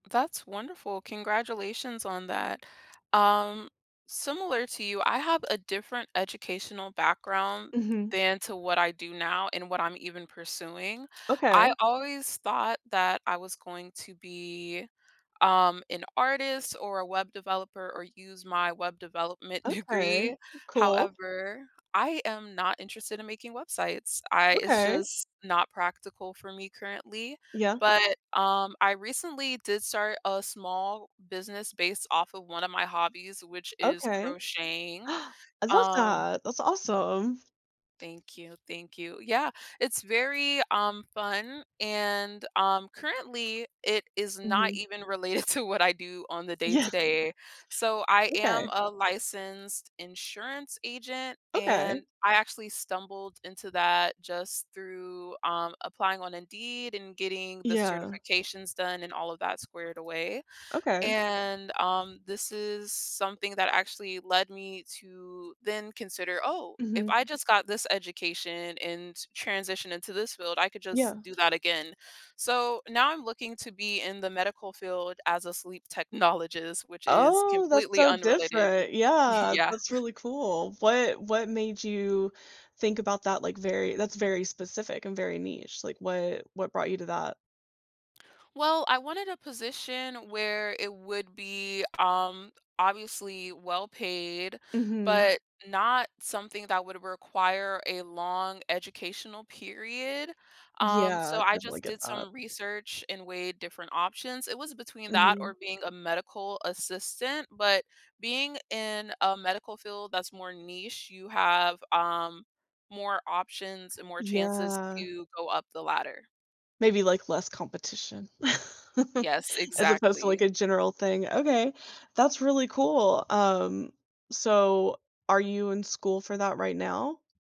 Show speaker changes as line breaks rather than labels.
That's wonderful, congratulations on that. Um, similar to you, I have a different educational background
Mhm.
than to what I do now and what I'm even pursuing.
Okay.
I always thought that I was going to be, um, an artist, or a web developer, or use my web development
Okay,
degree,
cool.
however, I am not interested in making websites, I it's
Okay.
just not practical for me currently,
Yeah.
but, um, I recently did start a small business based off of one of my hobbies, which is
Okay.
crocheting,
I love
um
that, that's awesome.
Thank you, thank you. Yeah, it's very, um, fun, and, um, currently, it is not
Mhm.
even related to what I do on the
Yeah.
day-to-day. So, I
Okay.
am a licensed insurance agent,
Okay.
and I actually stumbled into that just through, um, applying on Indeed, and getting the
Yeah.
certifications done, and all of that squared away,
Okay.
and, um, this is something that actually led me to then consider, "Oh, if
Mhm.
I just got this education, and transition into this field, I could
Yeah.
just do that again." So, now I'm looking to be in the medical field as a sleep technologist, which is
Oh, that's
completely
so
unrelated.
different. Yeah,
Yeah.
that's really cool. What What made you think about that, like, very that's very specific, and very niche, like, what what brought you to that?
Well, I wanted a position where it would be, um, obviously well-paid,
Mhm.
but not something that would require a long educational period, um, so
Yeah,
I
definitely
just
get
did
that.
some research and weighed different options. It was between that,
Mhm.
or being a medical assistant, but being in a medical field that's more niche, you have, um, more options, and more chances
Yeah.
to go up the ladder.
Maybe, like, less competition,
Yes,
as opposed to, like,
exactly.
a general thing. Okay, that's really cool. Um, so, are you in school for that right now?